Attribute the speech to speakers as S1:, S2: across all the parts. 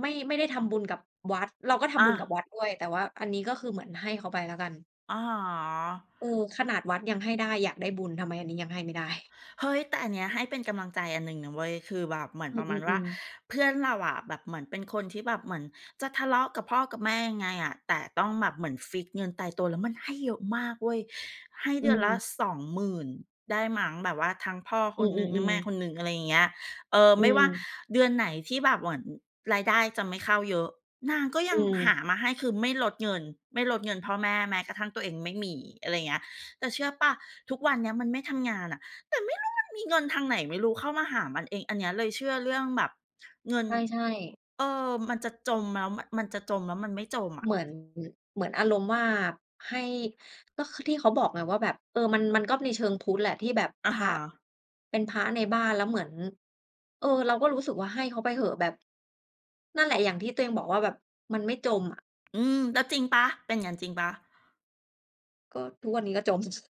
S1: ไม่ ไม่ได้ทำบุญกับวัด เราก็ท
S2: อ
S1: ำบุญกั
S2: า
S1: บวัดด้วย แต่ว่าอันนี้ก็คือเหมือนให้เขาไปแล้วกัน
S2: อะฮะ
S1: อือ เออ ขนาดวัดยังให้ได้อยากได้บุญ ทำไมอันนี้ยังให้ไม่ได้
S2: เฮ้ย แต่อันเนี้ยให้เป็นกำลังใจอันหนึ่งนะเว้ย คือแบบเหมือน
S1: อ
S2: ประมาณว่
S1: ื
S2: า
S1: อ ๆ ๆ
S2: เพื่อนเราอะแบบเหมือนเป็นคนที่แบบเหมือนจะทะเลาะกับพ่อกับแม่ยังไงอะ แต่ต้องแบบเหมือนฟิกซ์เงินตายตัว แล้วมันให้เยอะมากเว้ย ให้
S1: อ
S2: เดือนละ
S1: ืม
S2: 20,000 ได้มั้ง แบบว่าทั้งพ่อค
S1: อื
S2: นหนึ่ง ทั้งแ
S1: อ
S2: ม่
S1: ๆ ๆ
S2: คนหนึ่ง อะไรอย่างเงี้ย เออ
S1: อื
S2: ไม่ว่า
S1: อ
S2: เดือนไหนที่แบบเหมือน รายได้จะไม่เข้าเยอะ นางก็ย
S1: อ
S2: ั
S1: ื
S2: งหา
S1: ม
S2: มาให้ คือไม่ลดเงิน ไม่ลดเงิน พ่อแม่แม้กระทั่งตัวเองไม่มี อะไรอย่างเงี้ย แต่เชื่อเปล่า ทุกวันเนี้ยมันไม่ทำงานน่ะ แต่ไม่รู้มันมี เงินทางไหนไม่รู้เข้ามาหามันเอง อันเนี้ยเลยเชื่อเรื่องแบบ เงิน
S1: ใช่ ๆ
S2: เออ มันจะจม แล้วมัน มันจะจมแล้วมันไม่จมอะ
S1: เหมือน ม เหมือนอารมณ์ว่าให้ ก็คือที่เขาบอกไงว่าแบบ เอ่อ มัน มันก็ในเชิงพุทธแหละที่แบบ
S2: อะ
S1: พ
S2: ฮ
S1: ระ
S2: ะ
S1: เป็นพระในบ้านแล้วเหมือน เอ่อ เราก็รู้สึกว่าให้เขาไปเถอะแบบ นั่นแหละอย่างที่ตัวเองบอกว่าแบบมันไม่จมอะ
S2: อืม แล้วจริงเปล่า เป็นอย่างงั้นจริงเปล่า?
S1: ก็ทุกวันนี้ก็จม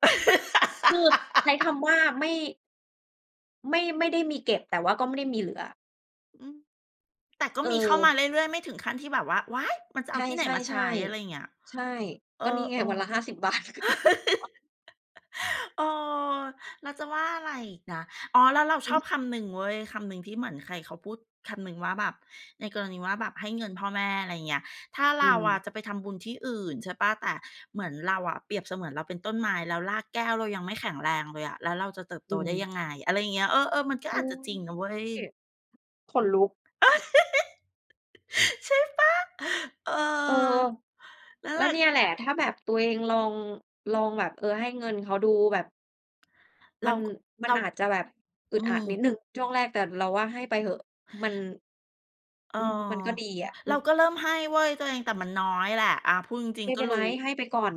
S1: คือใช้คำว่าไม่ ไม่ ไม่ได้มีเก็บ แต่ว่าก็ไม่ได้มีเหลือ
S2: อืม แต่ก็
S1: เ
S2: มีเข้ามาเร
S1: ออ
S2: ื่อย ๆ ไม่ถึงขั้นที่แบบว่า "ว้าย! มันจะเ
S1: ใ
S2: อ
S1: ช
S2: า
S1: ่
S2: ที่ไหนมาใช้" อะไรอย่างเง
S1: ๆ
S2: ี้ย
S1: ๆ ใช่
S2: เอ
S1: ก
S2: อ
S1: ็นี
S2: ๆ
S1: ่ไงวันละ 50 บาท
S2: เออ เราจะว่าอะไรอีกนะ อ๋อ แล้วเรา
S1: อ
S2: ช
S1: ื
S2: อ
S1: อ
S2: บ
S1: ฮ
S2: ค
S1: ึ
S2: ำหนึ่งเว้ย คำหนึ่งที่เหมือนใครเขาพูดคำหนึ่งว่าแบบ ในกรณีว่าแบบให้เงินพ่อแม่ อะไรอย่างเงี้ย ถ้า
S1: อ
S2: เ
S1: ื
S2: ราอะ
S1: ม
S2: จะไปทำบุญที่อื่น ใช่เปล่า แต่เหมือนเราอะเปรียบเสมือนเราเป็นต้นไม้ แล้วรากแก้วเรายังไม่แข็งแรงเลยอะ แล้วเราจะเติบ
S1: อ
S2: โต
S1: ื
S2: ได้
S1: ม
S2: ยังไง อะไรอย่างเงี้ย เออ ๆ มันก็
S1: อ
S2: อา
S1: ุ
S2: จ
S1: ๊
S2: จะจร
S1: ย
S2: ิงนะเว้ย อื
S1: อ ขนลุก
S2: ม ใช่เปล่า เออ
S1: เออ
S2: นั่น
S1: แล
S2: แ
S1: ้
S2: หล
S1: ว
S2: ะ
S1: เนี่ยแหละ ถ้าแบบ ตัวเองลอง ลองแบบ เออ ให้เงินเขาดูแบบ
S2: เ
S1: ม
S2: ร
S1: ั
S2: า
S1: น
S2: ก
S1: มั
S2: เร
S1: น
S2: า
S1: อาจจะแบบอึ
S2: อื
S1: ดอัด
S2: อ
S1: นิดหนึ่งช่วงแรก แต่เราว่าให้ไปเถอะ มัน
S2: เออ
S1: อืม มันก็ดีอะ อื
S2: เรา
S1: ม
S2: ก็เริ่มให้เว้ยตัวเอง แต่มันน้อยแหละ อา พูดจริ
S1: ไ
S2: ง
S1: ม่
S2: ๆ ก
S1: เ
S2: ็
S1: ป็น
S2: ร
S1: ไร
S2: ู้
S1: ให้ไปก่อน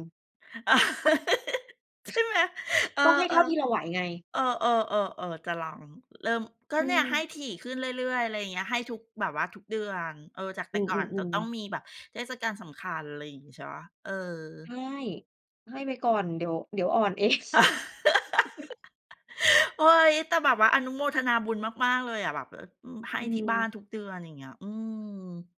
S2: ใช่ไหม เออ
S1: ก็ให้
S2: ๆ เ
S1: เท่าที่เราไหวไง
S2: ออ ๆ ๆ ๆ จะลองเริ่ม ก็
S1: อื
S2: เนี่ย
S1: ม
S2: ให้ถี่ขึ้นเรื่อย ๆ อะไรอย่างเงี้ย ให้ทุก แบบว่าทุกเดือน เออ จากแต
S1: อื
S2: ่ก่อนจะ
S1: อ
S2: ต้อ
S1: ๆ
S2: ง
S1: ๆ
S2: มีแบบเทศกาลสำคัญ อะไรอย่างงี้ ใช่เปล่า เออ
S1: ใช่ ให้ไปก่อน เดี๋ยว เดี๋ยวอ่อน เอง
S2: เฮ้ย แต่แบบว่าอนุโมทนาบุญมาก ๆ เลยอะแบบ เอ่อ อืม ให้
S1: อื
S2: ที่บ้า
S1: ม
S2: นทุกเดือน อย่างเงี้ย อืม